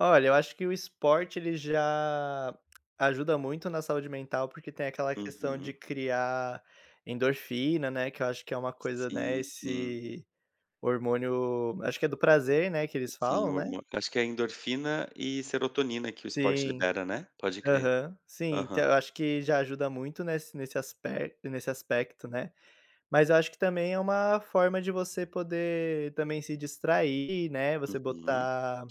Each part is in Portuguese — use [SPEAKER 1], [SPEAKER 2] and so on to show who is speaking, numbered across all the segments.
[SPEAKER 1] Olha, eu acho que o esporte ele já ajuda muito na saúde mental, porque tem aquela questão de
[SPEAKER 2] Uhum.
[SPEAKER 1] criar endorfina, né. Que eu acho que é uma coisa né,
[SPEAKER 2] Sim, sim.
[SPEAKER 1] esse hormônio, acho que é do prazer, né, que eles
[SPEAKER 2] Sim,
[SPEAKER 1] falam,
[SPEAKER 2] o
[SPEAKER 1] né?
[SPEAKER 2] hormô acho que é endorfina e serotonina que o esporte
[SPEAKER 1] Sim.
[SPEAKER 2] libera, né? Pode crer.
[SPEAKER 1] Aham, sim. Então,
[SPEAKER 2] Aham.
[SPEAKER 1] eu acho que já ajuda muito nesse nesse aspect nesse aspecto, né. Mas eu acho que também é uma forma de você poder, também, se distrair, né, você
[SPEAKER 2] Uhum.
[SPEAKER 1] botar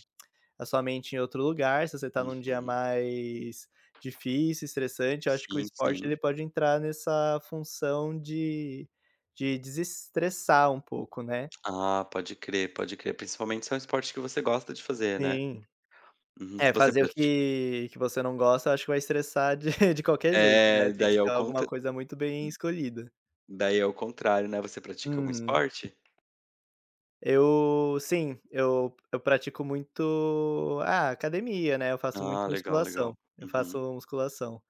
[SPEAKER 1] a sua mente em outro lugar. Se você está num dia
[SPEAKER 2] Uhum.
[SPEAKER 1] mais difícil, estressante, eu acho que o
[SPEAKER 2] Sim,
[SPEAKER 1] esporte
[SPEAKER 2] sim.
[SPEAKER 1] ele pode entrar nessa função de de desestressar um pouco, né.
[SPEAKER 2] Ah, pode crer, pode crer. Principalmente se é um esporte que você gosta de fazer, né?
[SPEAKER 1] Sim.
[SPEAKER 2] Uhum,
[SPEAKER 1] É,
[SPEAKER 2] você
[SPEAKER 1] fazer o
[SPEAKER 2] prati
[SPEAKER 1] que que você não gosta, eu acho que vai estressar de de qualquer jeito, né,
[SPEAKER 2] É,
[SPEAKER 1] tem que
[SPEAKER 2] daí é
[SPEAKER 1] ser
[SPEAKER 2] o
[SPEAKER 1] alguma
[SPEAKER 2] contra Hum.
[SPEAKER 1] coisa muito bem escolhida.
[SPEAKER 2] Daí, ao contrário, né. Você pratica algum
[SPEAKER 1] Uhum.
[SPEAKER 2] esporte?
[SPEAKER 1] Eu sim, eu eu pratico muito, ah, academia, né, eu faço
[SPEAKER 2] Ah,
[SPEAKER 1] muito
[SPEAKER 2] legal, legal.
[SPEAKER 1] musculação, eu
[SPEAKER 2] Uhum.
[SPEAKER 1] faço musculação.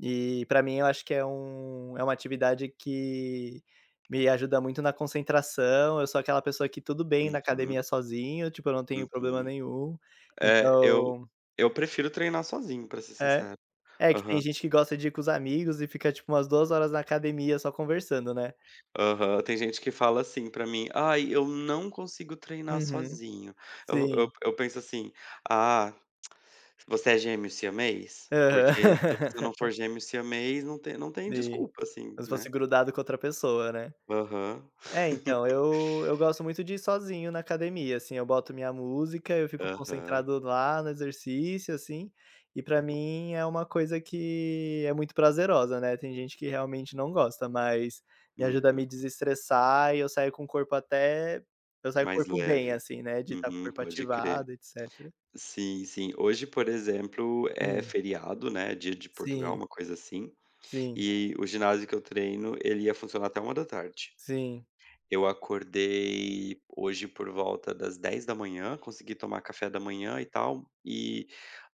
[SPEAKER 1] E, para mim, eu acho que é um é uma atividade que me ajuda muito na concentração. Eu sou aquela pessoa que tudo bem na
[SPEAKER 2] Uhum.
[SPEAKER 1] academia sozinha, tipo, eu não tenho problema
[SPEAKER 2] Uhum.
[SPEAKER 1] nenhum.
[SPEAKER 2] É, eu
[SPEAKER 1] Então
[SPEAKER 2] eu prefiro treinar sozinho, para ser
[SPEAKER 1] É.
[SPEAKER 2] sincero.
[SPEAKER 1] É que
[SPEAKER 2] Aham.
[SPEAKER 1] tem gente que gosta de ir com os amigos e fica, tipo, umas 2 horas na academia só conversando, né.
[SPEAKER 2] Aham, tem gente que fala assim para mim: "Aí, eu não consigo treinar
[SPEAKER 1] Uhum,
[SPEAKER 2] sozinho". Eu eu
[SPEAKER 1] sim.
[SPEAKER 2] eu penso assim: "Ah, você é gêmeo siamês? Porque se você
[SPEAKER 1] Aham.
[SPEAKER 2] não for gêmeo siamês, não tem não tem
[SPEAKER 1] Sim.
[SPEAKER 2] desculpa assim",
[SPEAKER 1] Como se fosse
[SPEAKER 2] né?
[SPEAKER 1] grudado com outra pessoa, né?
[SPEAKER 2] Aham.
[SPEAKER 1] É, então, eu eu gosto muito de ir sozinho na academia, assim. Eu boto minha música, eu fico
[SPEAKER 2] Aham.
[SPEAKER 1] concentrado lá, no exercício assim, e para mim é uma coisa que é muito prazerosa, né. Tem gente que realmente não gosta, mas me ajuda a
[SPEAKER 2] Uhum.
[SPEAKER 1] me desestressar, e eu saio com o corpo até eu saio com o
[SPEAKER 2] Mais
[SPEAKER 1] corpo bem
[SPEAKER 2] leve.
[SPEAKER 1] assim, né, de estar com o
[SPEAKER 2] Uhum,
[SPEAKER 1] corpo
[SPEAKER 2] pode crer.
[SPEAKER 1] ativado, etcétera.
[SPEAKER 2] Sim, sim. Hoje, por exemplo, é
[SPEAKER 1] Hum.
[SPEAKER 2] feriado, né, Dia de Portugal,
[SPEAKER 1] Sim.
[SPEAKER 2] uma coisa assim.
[SPEAKER 1] Sim.
[SPEAKER 2] E o ginásio que eu treino, ele ia funcionar até 13h.
[SPEAKER 1] Sim.
[SPEAKER 2] Eu acordei hoje por volta das 10h, consegui tomar café da manhã e tal, e,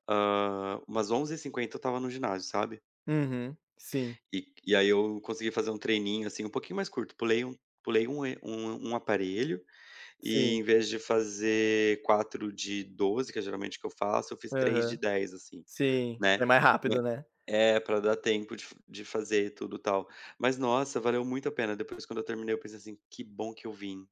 [SPEAKER 2] ah, umas 11h50, eu estava no ginásio, sabe?
[SPEAKER 1] Uhum, sim.
[SPEAKER 2] E e aí, eu consegui fazer um treininho, assim, um pouquinho mais curto. Pulei um pulei um er um um aparelho, e
[SPEAKER 1] Sim.
[SPEAKER 2] em vez de fazer 4 de 12, que é geralmente o que eu faço, eu fiz 3 de
[SPEAKER 1] Aham.
[SPEAKER 2] 10 assim,
[SPEAKER 1] Sim,
[SPEAKER 2] né.
[SPEAKER 1] é mais
[SPEAKER 2] Ne
[SPEAKER 1] rápido, né.
[SPEAKER 2] é, para dar tempo de f de fazer e tudo tal. Mas nossa, valeu muito a pena. Depois, quando eu terminei, eu pensei assim: "Que bom que eu vim".